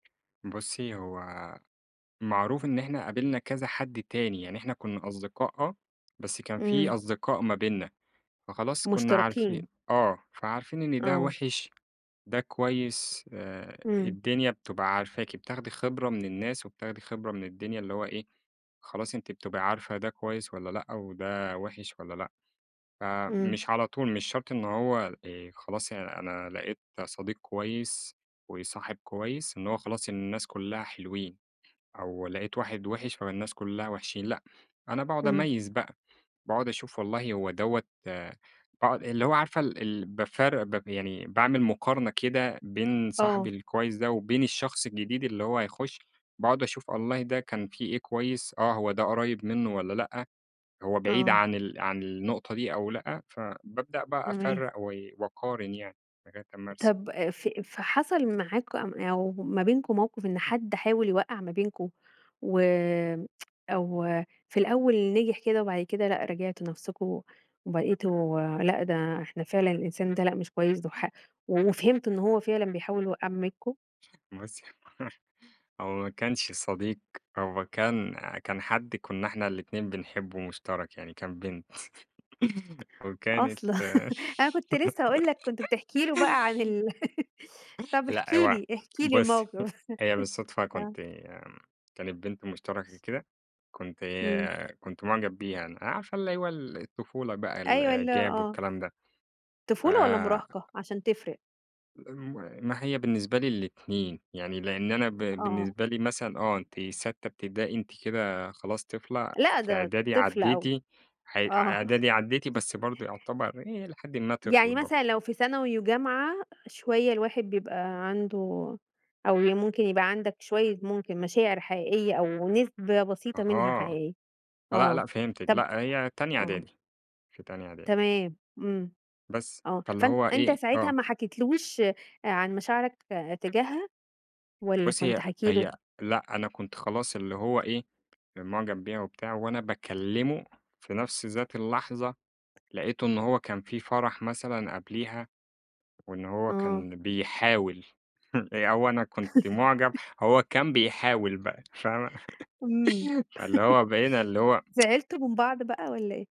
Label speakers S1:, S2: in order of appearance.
S1: بُصّي، هو معروف إن إحنا قابلنا كذا حد تاني، يعني إحنا كنّا أصدقاء آه، بس كان في
S2: إمم.
S1: أصدقاء ما بيننا، فخلاص كنّا عارفين
S2: مشترَكين.
S1: آه، فعارفين إن ده
S2: آه.
S1: وِحش، ده كويس آآ،
S2: إمم.
S1: الدنيا بتبقى عارفاكِ، بتاخدي خِبرة من الناس وبتاخدي خِبرة من الدنيا، اللي هو إيه، خلاص أنتِ بتبقي عارفة ده كويس والَّا لأ، وده وِحش والّا لأ،
S2: إمم.
S1: فمش على طول، مش شرْط إن هو، آآ خلاص أنا لقيت صديق كويس وصاحب كويس إن هو خلاص، إن الناس كلّها حلوين أو لقيت واحد وِحش فالناس كلها وِحشين، لأ، أنا باقعُد
S2: إمم.
S1: أميّز بقى، باقعُد أشوف والله هو دَوّة باقعُد اللي هو عارفة ال ال بافرّق ب ب يعني باعمل مقارنة كده بين صاحبي
S2: آه.
S1: الكويس ده وبين الشخص الجديد اللي هو هيخش، باقعُد أشوف، والله ده كان في إيه كويس، آه، هو ده قريّب مِنُّه والّا لأ، هو بعيد
S2: آه.
S1: عن ال عن النقطة دي أو لأ، فبابدأ بقى
S2: تمام.
S1: أفرّق و وأقارن يعني لغاية أمّا ارسى.
S2: طَب أ ف ف حصَل معاكم أو ما بينكم موقِف إن حد حاول يوقّع ما بينكم و أو في الأول نجِح كده وبعد كده، لأ، راجعتوا نفْسكم وبقِيتوا لأ، ده إحنا فعلًا الإنسان ده لأ، مش كويس، ده ح و وفهِمت إن هو فعلًا بيحاول يوقّع ما بينكم؟
S1: بُصي هو هو ما كانش صديق، هو كان كان حد كنّا إحنا الإتنين بنحبه مشترَك يعني، كان بنت، وكانت
S2: أصلًا! أنا كنت لسه هاقول لك، كنت بتحكي له بقى عن ال طَب احكِ
S1: لأ هو
S2: لي، احكِ لي
S1: بُصّي،
S2: الموقِف
S1: هي بالصدفة كنت
S2: آه.
S1: كانت بنت مشترَكة كده، كنت
S2: إمم.
S1: كنت معجَب بيها أنا، يعني عارفة اللي هو ال الطفولة بقى
S2: أيوه، ال
S1: الإعجاب
S2: آه.
S1: والكلام ده ف
S2: طفولة والَّا مراهقة؟ عشان تفرِق.
S1: م ما هي بالنسبة لي الاتنين، يعني لأن أنا ب
S2: آه.
S1: بالنسبة لي مثلًا، آه، أنتِ ساتّة إبتدائي، أنتِ كده خلاص طفلة
S2: لأ،
S1: في
S2: ده
S1: إعدادي
S2: طفل أو
S1: عدّيتي ح
S2: آه.
S1: إعدادي، عدّيتي، بس برضه يعتبَر هي إلى حد ما طفل
S2: يعني
S1: برضه.
S2: مثلًا لو في ثانوي و جامعة، شوية الواحد بيبقى عَنده أو ممكن يبقى عَندك شوية، ممكن مشاعر حقيقية أو نسبة
S1: أها،
S2: بسيطة منها
S1: آه.
S2: حقيقية،
S1: لأ،
S2: آه.
S1: لأ، فهِمتِك،
S2: طَب
S1: لأ هي تانية
S2: آه.
S1: إعدادي، في تانية إعدادي.
S2: تمام. إمم.
S1: بس،
S2: آه،
S1: فاللي
S2: فأن
S1: هو
S2: أنت
S1: إيه
S2: ساعتها
S1: آه.
S2: ما حكيتلهوش آآ، عن مشاعرك تجاهها والَّا
S1: بُصّي،
S2: كنت
S1: هي
S2: حاكي له؟
S1: هي لأ، أنا كنت خلاص، اللي هو إيه، معجَب بيها وبتاع وأنا باكلّمه في نفْس ذات اللحظة، لقيته إنّه هو كان في فرَح مثلًا قبليها وإن هو
S2: آه.
S1: كان بيحاول أو أنا كنت معجَب، هو كان بيحاول بقى فاهمة
S2: إمم،
S1: فاللي هو بقينا اللي هو
S2: زعِلتوا من بعض بقى والَّا إيه؟